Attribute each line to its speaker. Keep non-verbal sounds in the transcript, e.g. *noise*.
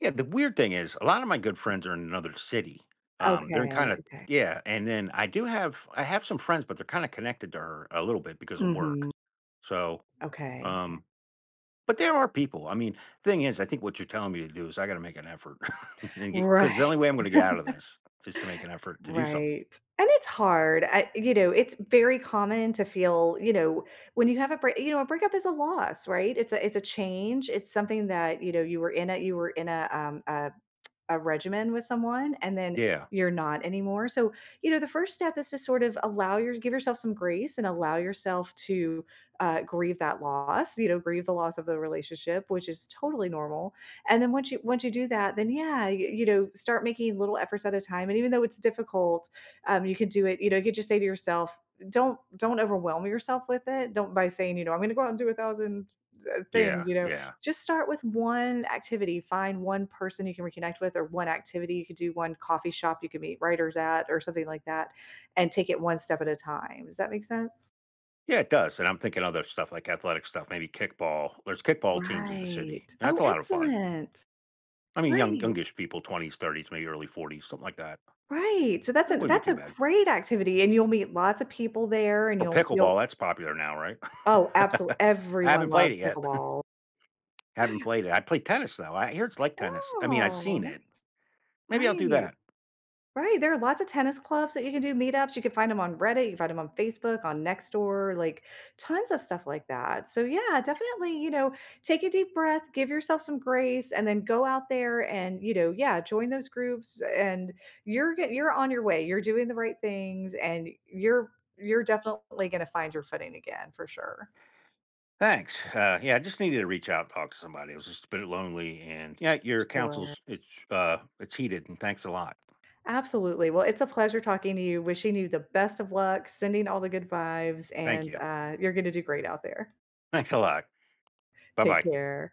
Speaker 1: Yeah, the weird thing is a lot of my good friends are in another city, um, they're in,
Speaker 2: Okay,
Speaker 1: kinda
Speaker 2: okay.
Speaker 1: yeah, and then, I do have I have some friends, but they're kinda connected to her, a little bit because of work.
Speaker 2: Mhm.
Speaker 1: So,
Speaker 2: Okay.
Speaker 1: um but there are people, I mean, thing is, I think what you're telling me to do is I gotta make an effort, *chuckles* and get
Speaker 2: Right.
Speaker 1: 'cause the only way I'm gonna get out of
Speaker 2: *chuckles*
Speaker 1: this is to make an effort to do somethi
Speaker 2: Right, and it's hard, I you know, it's very common to feel, you know when you have a break you know, a breakup is a loss, right? It's a it's a change, it's something that, you know, you were in a you were in a, um a *tsk* a regimen with someone and then
Speaker 1: Yeah.
Speaker 2: you're not anymore, so, you know, the 1st step is to sort of allow your give yourself some grace and allow yourself to, uh, grieve that loss, you know? Grieve the loss of the relationship, which is totally normal. And then, once you once you do that, then, yeah, y you know, start making little efforts at a time, and even though it's difficult, um, you could do it, you know, you just say to yourself don't don't overwhelm yourself with it, don't by saying, you know, "I'm gonna go out and do 1,000, uh,
Speaker 1: Yeah,
Speaker 2: things," you know?
Speaker 1: yeah.
Speaker 2: Just start with 1 activity. Find 1 person you can reconnect with, or 1 activity you could do, 1 coffee shop you could meet writers at, or something like that, and take it 1 step at a time, does that make sense?
Speaker 1: Yeah, it does, and I'm thinking other stuff, like athletic stuff, maybe kickball. There's kickball teams in the
Speaker 2: Right.
Speaker 1: city, and that's
Speaker 2: Oh,
Speaker 1: a lot of fun.
Speaker 2: excellent!
Speaker 1: I mean, young
Speaker 2: Right.
Speaker 1: youngish people, 20s, 30s, maybe early 40s, something like that.
Speaker 2: Right, so that's
Speaker 1: That
Speaker 2: a
Speaker 1: wouldn't be
Speaker 2: that's
Speaker 1: too
Speaker 2: a
Speaker 1: bad.
Speaker 2: great activity, and you'll meet lotsa people there, and
Speaker 1: Or
Speaker 2: you'll you'll
Speaker 1: pickleball, that's popular now, right?
Speaker 2: Oh, absolu
Speaker 1: *chuckles* I
Speaker 2: everyone
Speaker 1: haven't played
Speaker 2: loves
Speaker 1: it yet.
Speaker 2: pickleball.
Speaker 1: *chuckles* Haven't played it, I play tennis, though. I hear it's like tennis, I mean, I've
Speaker 2: Oh,
Speaker 1: seen
Speaker 2: nice.
Speaker 1: it. Maybe I'll do
Speaker 2: Right.
Speaker 1: that.
Speaker 2: Right, there are lots a tennis clubs that you can do meetups, you can find 'em on Reddit, you can find 'em on Facebook, on Nextdoor, like tons of stuff like that. So, yeah, definitely, you know, take a deep breath, give yourself some grace, and then go out there and, you know yeah, join those groups, and you're ge you're on the way, you're doing the right things, and you're you're definitely gonna find your footing again, for sure.
Speaker 1: Thanks, uh, yeah, I just needed to reach out and talk to somebody, it was just a bit lonely, and yeah, your
Speaker 2: Sure.
Speaker 1: counsel's it's, uh, it's heated, and thanks a lot.
Speaker 2: Absolutely, well, it's a pleasure talking to you, wishing you the best of luck, sending all the good vibes,
Speaker 1: Thank
Speaker 2: and,
Speaker 1: you.
Speaker 2: uh, you're gonna do great out there.
Speaker 1: Thanks a lot.
Speaker 2: Take
Speaker 1: Bye-bye.
Speaker 2: care.